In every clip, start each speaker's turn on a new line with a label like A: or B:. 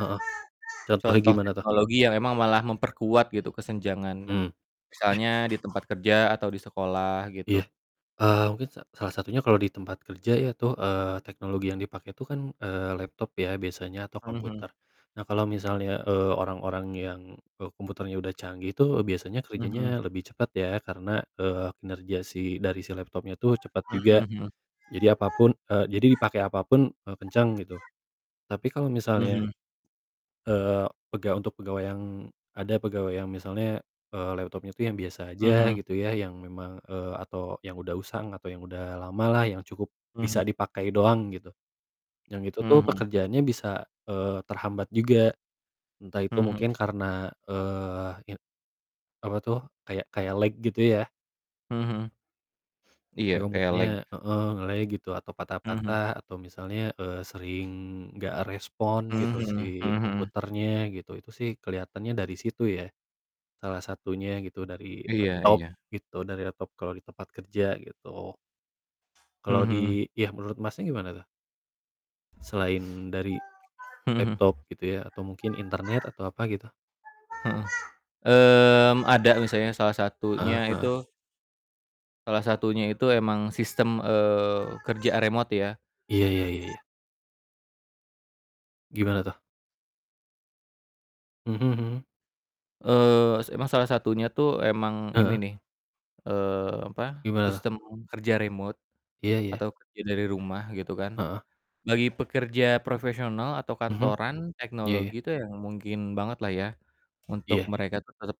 A: Heeh. Contohnya
B: Contoh
A: gimana tuh?
B: teknologi yang memang malah memperkuat gitu, kesenjangannya.
A: Mhm. Iya.
B: Misalnya di tempat kerja atau di sekolah,
A: Iya,
B: gitu.
A: eee, mungkin sa salah satunya kalau di tempat kerja ya, tuh, eee, teknologi yang dipakai itu kan, eee, laptop ya, biasanya atau
B: Hmm hmm.
A: komputer. Nah, kalau misalnya, eee, orang-orang yang, e komputernya udah canggih tuh, e biasanya
B: Mhm.
A: kerjanya lebih cepet, ya. Karena, eee, kinerja si dari si laptopnya tuh cepet juga.
B: Mhm mhm mhm.
A: Jadi apapun, e jadi dipakai apapun, e kenceng, gitu. Tapi, kalau
B: Mhm
A: misalnya
B: mhm.
A: eee, pega untuk pegawai yang ada pegawai yang misalnya, eee, laptopnya itu yang biasa
B: Mhm
A: aja
B: mhm.
A: gitu ya, yang memang eee, atau yang udah usang, atau yang udah lamalah yang cukup bisa
B: Mhm.
A: dipakai doang, gitu. Yang itu tuh
B: Hmm hmm.
A: pekerjaannya bisa, eee, terhambat juga. Entah itu
B: Mhm mhm.
A: mungkin karena, eee, ya apa tuh kayak kayak lag gitu ya.
B: Hmm hmm. Iya,
A: Kayak
B: kayak
A: komputernya
B: lag.
A: heeh, nge-lag gitu, atau
B: Mhm mhm.
A: patah-patah atau misalnya, eee, sering nggak respon gitu
B: Mhm
A: si
B: mhm mhm mhm.
A: komputernya gitu. Itu sih keliatannya dari situ ya, salah satunya gitu, dari
B: Iya
A: laptop
B: iya.
A: gitu, dari laptop kalau di tempat kerja, gitu.
B: Mmm
A: Kalau
B: mhm.
A: di ya, menurut Masnya gimana tuh? Selain dari
B: Mmm mhm.
A: laptop gitu ya, atau mungkin internet atau apa, gitu?
B: Heeh, mmm, ada misalnya salah
A: Heeh
B: satunya
A: heeh.
B: itu salah satunya itu emang sistem, eee, kerja remote, ya.
A: Iya iya iya iya. Gimana tuh? Hmm hmm.
B: Eee, se emang salah satunya tuh emang ini
A: Heeh.
B: nih, eee, apa,
A: Gimana tuh?
B: sistem kerja remote,
A: Iya iya.
B: atau kerja dari rumah, gitu kan.
A: Heeh.
B: Bagi pekerja profesional atau
A: Hmm.
B: kantoran,
A: Iya iya.
B: teknologi itu yang mungkin banget lah ya, untuk
A: Iya.
B: mereka tuh tetep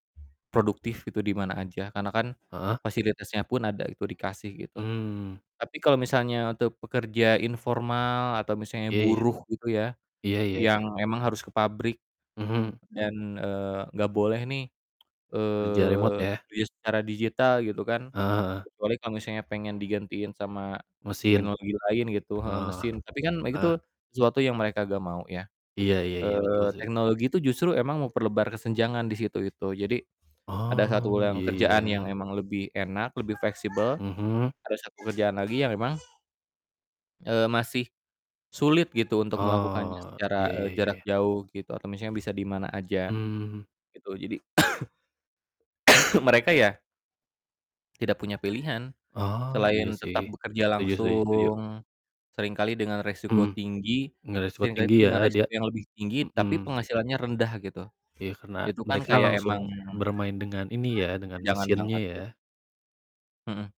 B: produktif gitu, dimana aja. Karena kan,
A: Heeh.
B: fasilitasnya pun ada gitu, dikasih gitu,
A: Mmm.
B: tapi kalau misalnya untuk pekerja informal atau misalnya
A: Iya iya.
B: buruh gitu ya,
A: Iya iya
B: yang
A: iya.
B: memang harus ke pabrik
A: Hmm.
B: dan, eee, nggak boleh nih,
A: Kerja remote,
B: eee,
A: ya?
B: duit secara digital gitu kan,
A: Heeh heeh.
B: kecuali kalau misalnya pengen digantiin sama
A: Mesin?
B: teknologi lain gitu heeh,
A: Oh.
B: mesin. Tapi kan me
A: Heeh.
B: gitu, sesuatu yang mereka nggak mau ya,
A: Iya iya iya, betul
B: eee,
A: sih
B: teknologi itu justru memang memperlebar kesenjangan disitu, itu. Jadi, ada satu
A: Oh,
B: yang
A: iya
B: kerjaan yang
A: iya.
B: emang lebih enak, lebih fleksibel,
A: Hmm.
B: ada satu kerjaan lagi yang memang eee, masih sulit gitu, untuk melakukannya
A: Oh,
B: secara,
A: iya
B: e
A: iya iya
B: jarak
A: iya.
B: jauh gitu, atau misalnya bisa dimana aja,
A: Mmm.
B: gitu. Jadi, mereka ya tidak punya pilihan,
A: Oh, iya
B: selain
A: sih,
B: tetap bekerja
A: setuju setuju setuju.
B: langsung, seringkali dengan resiko
A: Mhm,
B: tinggi
A: nge resiko
B: seringkali
A: tinggi
B: tuh
A: ya,
B: dengan
A: dia
B: resiko yang lebih tinggi, tapi
A: mhm.
B: penghasilannya rendah, gitu.
A: Iya, karena
B: Itu kan
A: mereka
B: kayak emang
A: langsung bermain dengan, ini ya, dengan
B: kesenjangan
A: mesinnya,
B: banget,
A: ya?
B: gitu. Mhm.